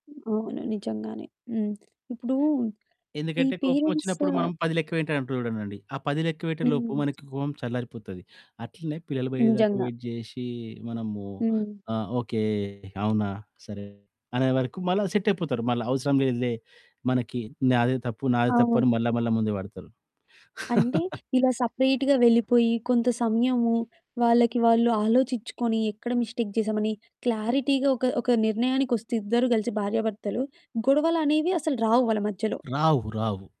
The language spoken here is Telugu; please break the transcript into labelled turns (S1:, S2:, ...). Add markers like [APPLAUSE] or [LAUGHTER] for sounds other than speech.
S1: అవును. నిజంగానే. హ్మ్. ఇప్పుడు ఈ
S2: ఎందుకంటే,
S1: పేరెంట్స్
S2: కోపమొచ్చినప్పుడు మనం 10 లెక్కపెట్టె అంటూ ఉంటానండి. ఆ 10 లెక్క పెట్టే లోపు
S1: హ్మ్.
S2: మనకి కోపం చల్లారిపోతది. అట్లనే పిల్లలు పోయేదాకా
S1: నిజంగా.
S2: వెయిట్ జేషి, మనము
S1: హ్మ్.
S2: ఆహ్, ఓకే, అవునా, సరే, అనే వరకు మళ్ళా సెట్టయిపోతారు. మళ్ళా అవసరం లేదులే మనకి నాదే తప్పు, నాదె తప్పు అని
S1: అవును.
S2: మళ్ళా, మళ్ళా ముందు పడతరు.
S1: అంటే
S2: [LAUGHS]
S1: ఇలా సెపరేట్‌గా వెళ్ళిపోయి, కొంత సమయము వాళ్ళకి, వాళ్ళు ఆలోచిచ్చుకొని, ఎక్కడ మిస్టేక్ జేసామని క్లారిటీగా ఒక, ఒక నిర్ణయానికొస్తే ఇద్దరు గలిసి భార్యాభర్తలు గొడవలనేవి అసలు రావు వాళ్ళ మధ్యలో.
S2: రావు, రావు.